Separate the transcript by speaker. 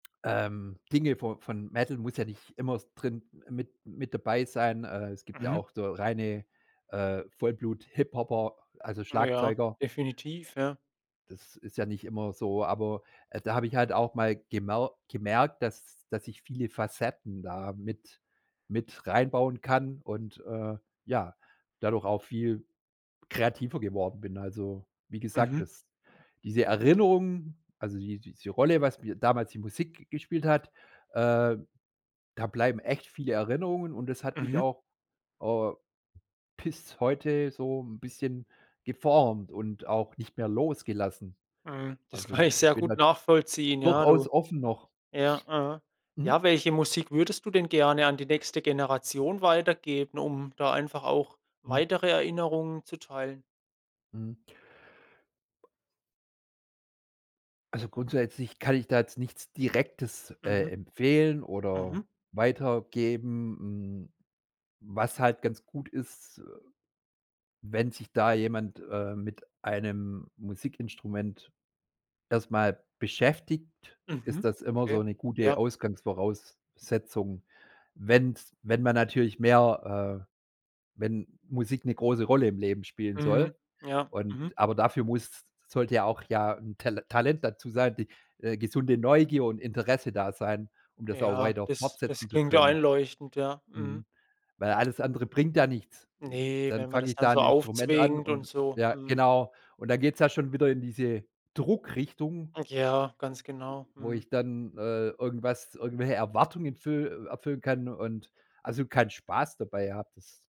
Speaker 1: Ähm, Dinge vo von Metal muss ja nicht immer drin mit mit dabei sein, äh, es gibt ja
Speaker 2: Mhm.
Speaker 1: auch so reine, äh, Vollblut-Hip-Hopper, a also,
Speaker 2: Ja,
Speaker 1: Schlagzeuger.
Speaker 2: definitiv, ja.
Speaker 1: Das ist ja nicht immer so, aber, äh, da habe ich halt auch mal gemau gemerkt, das das ich viele Facetten da mit mit rein bauen kann und, äh, ja, dadurch auch viel kreativer geworden bin. Also, wie gesagt,
Speaker 2: Mhm.
Speaker 1: dass diese Erinnerung also die diese Rolle, was mir damals die Musik gespielt hat, äh, da bleiben echt viele Erinnerungen und das hat mich
Speaker 2: Mhm.
Speaker 1: auch, äh, bis heute so 'n bisschen geformt und auch nicht mehr losgelassen.
Speaker 2: Mhm, das kann
Speaker 1: Also,
Speaker 2: ich
Speaker 1: ich
Speaker 2: sehr
Speaker 1: bin
Speaker 2: gut
Speaker 1: da
Speaker 2: nachvollziehen. Ja,
Speaker 1: durchaus
Speaker 2: du
Speaker 1: offen noch.
Speaker 2: Ja, ja.
Speaker 1: Mhm.
Speaker 2: Ja, welche Musik würdest du denn gerne an die nächste Generation weitergeben, um da einfach auch
Speaker 1: Mhm.
Speaker 2: weitere Erinnerungen zu teilen?
Speaker 1: Mhm. Ba Also, grundsätzlich kann ich da jetzt nichts Direktes, äh,
Speaker 2: Mhm.
Speaker 1: empfehlen oder
Speaker 2: Mhm.
Speaker 1: weitergeben. Mm, was halt ganz gut ist, äh, wenn sich da jemand, äh, mit einem Musikinstrument erst mal beschäftigt, ist
Speaker 2: Mhm.
Speaker 1: das immer so
Speaker 2: Okay,
Speaker 1: 'ne gute
Speaker 2: ja.
Speaker 1: Ausgangsvoraussetzung. Wenn's wenn man natürlich mehr, äh wenn Musik 'ne große Rolle im Leben spielen
Speaker 2: Mhm.
Speaker 1: soll
Speaker 2: Ja.
Speaker 1: und
Speaker 2: Mhm.
Speaker 1: aber dafür muss, s sollte ja auch ja 'n Tal Talent dazu sein, die, äh, gesunde Neugier und Interesse da sein, um das auch
Speaker 2: Ja,
Speaker 1: weiter
Speaker 2: das
Speaker 1: fortsetzen
Speaker 2: das
Speaker 1: zu
Speaker 2: klingt ja
Speaker 1: können.
Speaker 2: einleuchtend, ja, mhm.
Speaker 1: Mhm, weil alles andere bringt ja nichts. Äh, s
Speaker 2: Ne,
Speaker 1: dann
Speaker 2: wenn man
Speaker 1: fange
Speaker 2: das
Speaker 1: ich
Speaker 2: dann
Speaker 1: da 'n
Speaker 2: so
Speaker 1: Instrument an
Speaker 2: aufzwingt und
Speaker 1: und
Speaker 2: so,
Speaker 1: ja,
Speaker 2: mhm.
Speaker 1: genau. Und dann geht es ja schon wieder in diese Druckrichtung
Speaker 2: Äh, ja, ganz
Speaker 1: w
Speaker 2: genau,
Speaker 1: äh, wo
Speaker 2: mhm.
Speaker 1: ich dann, äh, irgendwas irgendwelche Erwartungen füll äh, erfüllen kann und, also, keinen Spaß dabei habe, das